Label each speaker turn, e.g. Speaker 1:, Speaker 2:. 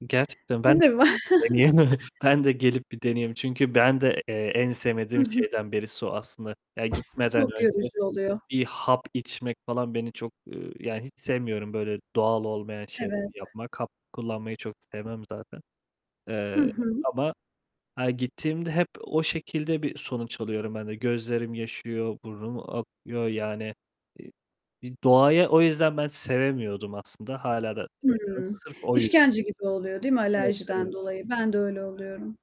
Speaker 1: Gerçekten
Speaker 2: [unintelligible] de
Speaker 1: ben de
Speaker 2: mi var?
Speaker 1: gelip bir deneyeyim ben de gelip bir deneyeyim çünkü ben de, eee, en
Speaker 2: Hı
Speaker 1: sevmediğim
Speaker 2: hı.
Speaker 1: şeyden birisi o aslında. Ya gitmeden
Speaker 2: Çok
Speaker 1: önce
Speaker 2: yorucu oluyor.
Speaker 1: bir hap içmek falan beni çok, ııı, yani, hiç sevmiyorum böyle doğal olmayan şeyleri
Speaker 2: Evet.
Speaker 1: yapmak, hap kullanmayı çok sevmem zaten.
Speaker 2: Hı
Speaker 1: Eee,
Speaker 2: hı.
Speaker 1: ama ha gittiğimde hep o şekilde bir sonuç alıyorum ben de. Gözlerim yaşarıyor, burnum akıyor, yani, i bi doğayı o yüzden ben sevemiyordum aslında, hâlâ da sevmiyorum.
Speaker 2: Hımm,
Speaker 1: Sırf o yüzden.
Speaker 2: işkence gibi oluyor değil mi
Speaker 1: Evet, evet.
Speaker 2: alerjiden dolayı? Ben de öyle
Speaker 1: [unintelligible]
Speaker 2: oluyorum.